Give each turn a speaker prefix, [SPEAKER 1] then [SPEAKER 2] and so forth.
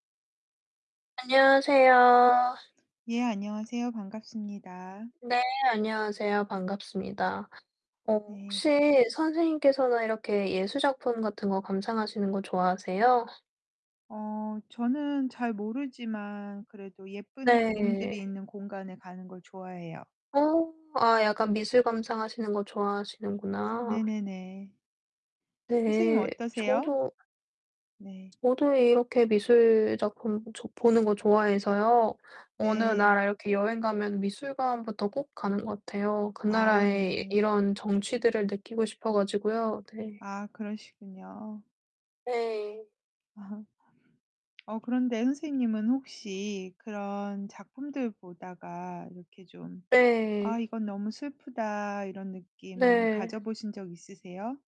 [SPEAKER 1] 안녕하세요.
[SPEAKER 2] 예, 안녕하세요. 반갑습니다.
[SPEAKER 1] 네. 안녕하세요. 반갑습니다. 어,
[SPEAKER 2] 네.
[SPEAKER 1] 혹시 선생님께서는 이렇게 예술 작품 같은 것 감상하시는 것 좋아하세요?
[SPEAKER 2] 어 저는 잘 모르지만 그래도 예쁜
[SPEAKER 1] 내.
[SPEAKER 2] 그림들이 있는 공간에 가는 걸 좋아해요.
[SPEAKER 1] 어 아, 약간 미술 감상하시는 것 좋아하시는구나.
[SPEAKER 2] 네네네. 선생님은
[SPEAKER 1] 네.
[SPEAKER 2] 어떠세요?
[SPEAKER 1] 저도
[SPEAKER 2] 네.
[SPEAKER 1] 저도 이렇게 미술 작품 좋 보는 것 좋아해서요. 어느 나라
[SPEAKER 2] 네.
[SPEAKER 1] 이렇게 여행 가면 미술관부터 꼭 가는 것 같아요. 그
[SPEAKER 2] 아
[SPEAKER 1] 나라의 이
[SPEAKER 2] 네.
[SPEAKER 1] 이런 정취들을 느끼고 싶어 가지고요. 네.
[SPEAKER 2] 아, 그러시군요.
[SPEAKER 1] 네.
[SPEAKER 2] 어, 그런데 선생님은 혹시 그런 작품들 보다가 이렇게 좀 '아
[SPEAKER 1] 네.
[SPEAKER 2] 이건 너무 슬프다.' 이런 느낌
[SPEAKER 1] 네.
[SPEAKER 2] 가져보신 적 있으세요?